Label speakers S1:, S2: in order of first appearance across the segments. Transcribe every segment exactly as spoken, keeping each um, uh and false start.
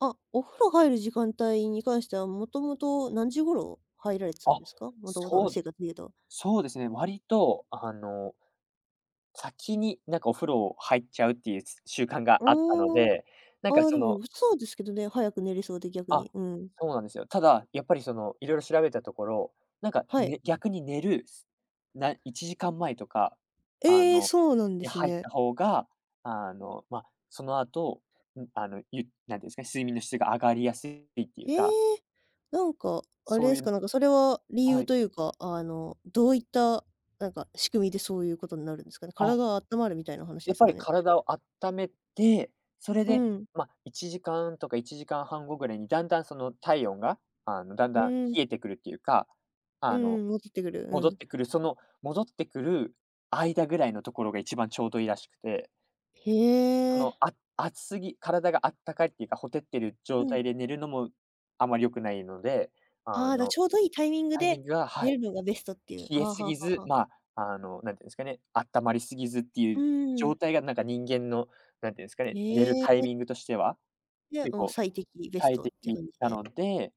S1: あ、お風呂入る時間帯に関しては、もともと何時ごろ入られてたん
S2: あ、
S1: ですか？もともとの
S2: そうで
S1: 生活でいうと。
S2: そうですね、割と、あの先に、なんかお風呂入っちゃうっていう、つ習慣が
S1: う、
S2: あったの
S1: お
S2: で、なんか、
S1: お、あ、
S2: そ
S1: でむ、
S2: の
S1: うそうですけどね、早く寝れそうで、逆
S2: あ、
S1: に、うん。
S2: そうなんですよ。ただ、やっぱりそのいろいろ調べたところ、なんか、
S1: はい。
S2: ね逆に寝る、すないちじかん前とか、あ
S1: ええ、
S2: の、
S1: そうなんで
S2: に
S1: す
S2: 入った
S1: ね。
S2: 方が、あの、ま、その後、ん、あの、ゆなんていうんすか、睡眠の質が上がりやすいっていう
S1: へえ。
S2: か。
S1: なんか、あれ
S2: そ
S1: で
S2: うい
S1: すか、
S2: う
S1: なんかそれは理
S2: は
S1: 由
S2: い。
S1: というか、あの、どういった、なんか仕組みで、そういうことんなるんすかね？から
S2: あ。
S1: があったまるみたいな話で
S2: やっ
S1: す
S2: ぱ
S1: か
S2: り
S1: ね？
S2: 体をあっためて、それ
S1: う
S2: で、
S1: ん。
S2: ま、いちじかんとかいちじかんはん後ぐらいにだんだんその体温が、あの、だん
S1: う
S2: だん
S1: ん。
S2: 冷えてくるっていうか、
S1: う
S2: あの、
S1: んうん、戻ってくる、う
S2: 戻っ
S1: ん。
S2: てくる、その戻ってくる間ぐらいのところが一番ちょうどいいらしくて。
S1: へ
S2: その、
S1: え。
S2: あ熱すぎ、体があったかいっていうか、ほてってる
S1: う
S2: 状
S1: ん。
S2: 態で寝るのもあまり良くないので、あ
S1: ああ、だ、
S2: の、
S1: ちょうどいいタイミング
S2: タイミ
S1: で、
S2: ングがは
S1: 寝
S2: い。
S1: るのがベストっていう。
S2: 冷え
S1: はは
S2: す
S1: は
S2: ぎず、
S1: は。
S2: ま、あの、何て言うんすかね、あったまりすぎずってい
S1: う
S2: う
S1: ん。
S2: 状態が、なんか人間の、なんていうんすか
S1: へ
S2: ね、寝るタイ
S1: え。
S2: ミングとしては、
S1: で、
S2: 結
S1: もう
S2: 構
S1: 最適、ベス
S2: 最
S1: トっ
S2: 適
S1: ていう感じ
S2: な
S1: で。
S2: ので、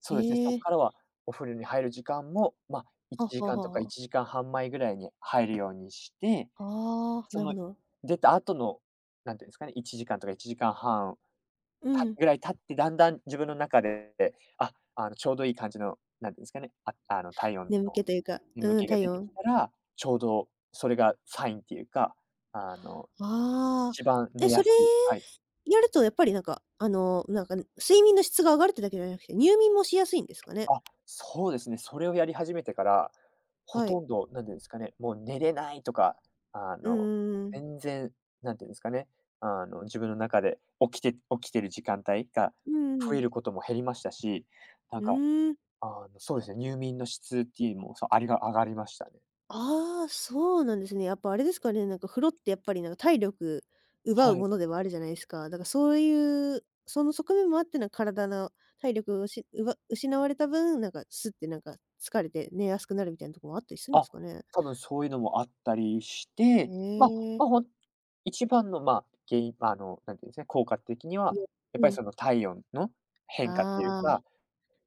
S2: そ
S1: へ
S2: うですね、そっ
S1: え。
S2: からはお風呂に入る時間も、ま、い
S1: あ、
S2: ちじ
S1: は
S2: かんとかい
S1: は、あ。
S2: ちじかんはん前ぐらいに入るようにして、
S1: ああ、
S2: そ
S1: なるほ
S2: の
S1: ど。
S2: 出た後の、なんて言うんすかね、いちじかんとかいちじかんはん、
S1: う
S2: た
S1: ん。
S2: ぐらい経って、だんだん自分の中で、あ、あの、ちょうどいい感じの、なんて言うんすかね、ああの体温の、
S1: 眠気というか
S2: 眠
S1: うん、
S2: 気が
S1: 体
S2: 出てき
S1: 温。
S2: たら、ちょうどそれがサインっていうか、あの、
S1: ああ。
S2: 一番
S1: え、
S2: 寝や
S1: それ
S2: すいはい。
S1: やると、やっぱりなんか、あの、なんか、ぬ睡眠の質が上がるっていうだけじゃなくて、入眠もしやすいんですかね？
S2: あ、そうですね、それをやり始めてから、ほ
S1: は
S2: と
S1: い。
S2: んど、なんでんすかね、もう寝れないとか、あ
S1: うん
S2: の、
S1: うんうん。
S2: 全然、なんていうんすかね、あの、自分の中で起きて起きてる時間帯が
S1: うん、うう
S2: 増え
S1: ん。
S2: ることも減りましたし、なん
S1: う
S2: か、
S1: ーん。
S2: あの、そうですね、入眠の質っていうも、そう、ありが上がりましたね。
S1: ああ、そうなんですね、やっぱあれですかね、なんか風呂ってやっぱりなんか、体力、奪う
S2: はい。
S1: ものではあるじゃないすか。だか、そういう、その側面もあってな、体の体力をうしうわ失われた分、なんか、スッてなんか疲れて寝やすくなるみたいなとこもあったりすんで
S2: あ、
S1: すかね？
S2: たぶんそういうのもあったりし
S1: へ
S2: て、ま、
S1: え。
S2: ま、ほん一番の、まあ、原因、ま、あの、なんていうんすね、効果的には、
S1: いえ、
S2: やっ
S1: う
S2: ぱり
S1: ん。
S2: その体温の変化っていう
S1: あ
S2: か、
S1: あ、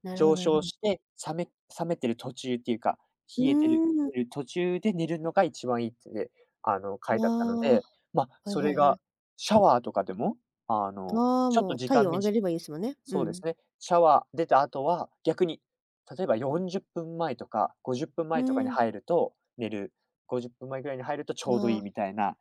S1: なるほど
S2: 上
S1: なるほ
S2: 昇
S1: ど。
S2: して、冷め冷めてる途中っていうか、
S1: う
S2: 冷えてる
S1: ーん。
S2: いう途中で寝るのが一番いいってね、あの、書いてあったの
S1: わ、は
S2: で、ま、
S1: い
S2: そ
S1: は
S2: れ
S1: いは
S2: が、
S1: い。
S2: シャワーとかでも、あの、
S1: わ、
S2: ちょっと
S1: もう、
S2: 時
S1: 体
S2: 間
S1: 温
S2: み
S1: 上
S2: じ
S1: げればいいすもね、う
S2: そうです
S1: ん。
S2: ね、シャワー出た後は、逆に例えばよんじゅっぷん前とか、ごじゅっぷん
S1: う
S2: 前とかに
S1: ん。
S2: 入ると寝るごじゅっぷん前ぐらいに入るとち
S1: あ
S2: ょうどいい
S1: あ。
S2: みたいな。